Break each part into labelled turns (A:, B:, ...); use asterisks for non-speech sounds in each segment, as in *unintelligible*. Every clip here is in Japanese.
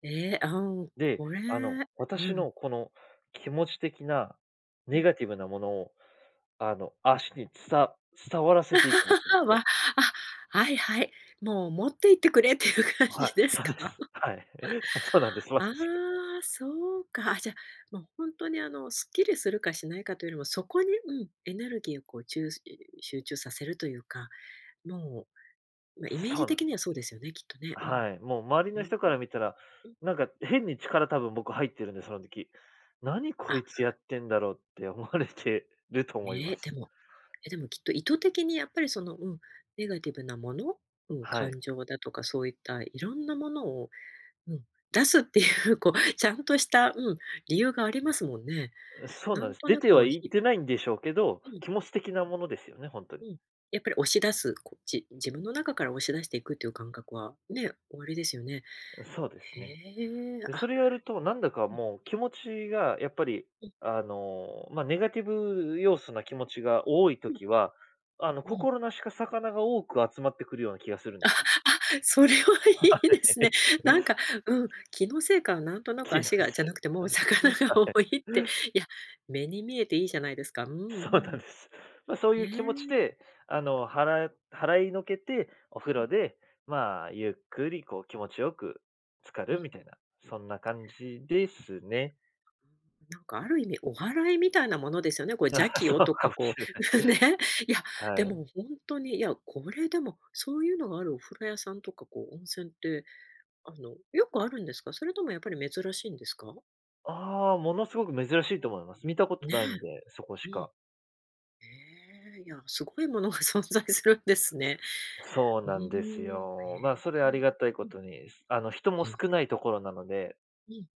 A: ええ、あ、うん、
B: で、
A: これ
B: あの、
A: う
B: 私
A: ん。
B: のこの気持ち的な
A: う
B: ネ
A: ん。
B: ガティブなものを、あの、足につさ伝わらせていくときの、
A: *laughs*
B: こ
A: わ、
B: う
A: あ、はいはい、もう、持って行ってくれっていう感
B: はい、
A: じです
B: そ
A: か？
B: うです。はい。あ、そうなんです、ま
A: あ
B: さ
A: あ、
B: しく。
A: そうか、あ、じゃ、もうほんとに、あの、すっきりするかしないかというよりも、そこに、うん、エネルギーをこう、ちゅうすい集中させるというか、もう、ま、イメー
B: そう
A: ジ
B: なんだ。
A: 的にはそうですよね、きっとね。うん。
B: はい、
A: う、
B: もう周り
A: うー
B: の人から
A: ん、
B: 見たら、
A: うん。
B: なんか変に力、多分僕入ってるんで、その時。「何、こ
A: あ。
B: いつやってんだろう？」って思われてると思いま
A: ね、で
B: す。
A: も、え、でもきっと意図的にやっぱりその、うん、ネガティブなもの？うん、
B: はい。
A: 感情だとかそういった色んなものを、うん、出すっていうこうちゃんとした、うん、理由がありますもんね。
B: う、そう
A: な
B: なん
A: ん
B: です。
A: と
B: 出
A: な
B: て
A: く
B: は
A: の
B: いっ
A: ひ
B: てないんでしょうけど、
A: うん。
B: 気持ち的なものですよね、ほんとに。
A: うん、やっぱり押し出す、こじ自分の中から押し出していくっていう感覚はね、おありですよね。
B: そうです
A: へ
B: ね。
A: え、
B: で、そ
A: あ。
B: れやるとなんだか
A: うん。
B: もう気持ちがやっぱり、
A: うん。
B: あの、ま、ネガティブ要素な気持ちが多い
A: ふん。
B: 時は、あの、
A: うん。
B: 心なしか魚が多く集まってくるような気がするんでしゅ。
A: *laughs* それは
B: は
A: いいですね。
B: い。
A: なん
B: *unintelligible*
A: か、うん、気のせいか、なんとなく
B: 気のせ
A: 足が、じゃ
B: い
A: なくても
B: あ、
A: う
B: ま、
A: 魚
B: は
A: が
B: い。
A: 多いって、いや、目に見えていいじゃないですか、うんう
B: そうなん
A: ん。
B: です。ま、そう
A: へ
B: いう気持ち
A: え。
B: で、あの、はら払いのけて、お風
A: うん。
B: 呂で、まあ、ゆっくりこう気持ちよく浸か
A: う
B: る
A: ん。
B: みたいなそんな感じですね。
A: なんかある意味お祓いみたいなものですよね、これ、邪
B: *laughs*
A: 気を
B: そう
A: と
B: か
A: か
B: もし
A: こう、
B: れ
A: *laughs* うん、
B: ない。
A: ね。いや、
B: は
A: で
B: い。
A: もほんとに、いや、これ、でもそういうのがあるお風呂屋さんとかこう温泉って、あの、よくあるんですか？それともやっぱり珍しいんですか？
B: ああ、ものすごく珍しいと思います。見たこと
A: ね
B: ないんで、そこし
A: え、うん。
B: か。
A: へえ、いや、すごいものが存在するんですね。
B: そう
A: うーん、
B: なんですよ。ま、それ、
A: へ
B: あ
A: え、
B: りがたいこ
A: ええ、うん。
B: とに、すあの、人も
A: ん。
B: 少ないところなので
A: うん。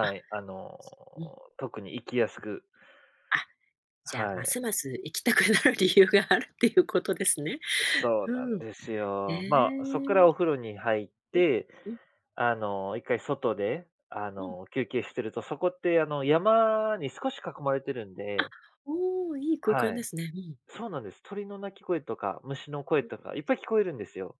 A: あ、す
B: い、あの、
A: うん。
B: 特に行きやすく
A: あ、じゃ、
B: は
A: ま
B: い。
A: すます行きたくなる理由があるっていうことですね。
B: そうな
A: う
B: ん
A: ん。
B: です
A: へ
B: よ。まあ、そっからお風呂に入っ
A: え。
B: て、
A: う、ん。
B: あの、1回外で、あ
A: うん。
B: の、休憩してるとそこってあの、山に少し囲まれてるん
A: あ！
B: で
A: おお、いい空間
B: は
A: で
B: い。
A: すね、うん。
B: そうなんです。鳥の鳴き声とか、虫の声
A: ん。
B: とかいっぱい聞こえるんですよ。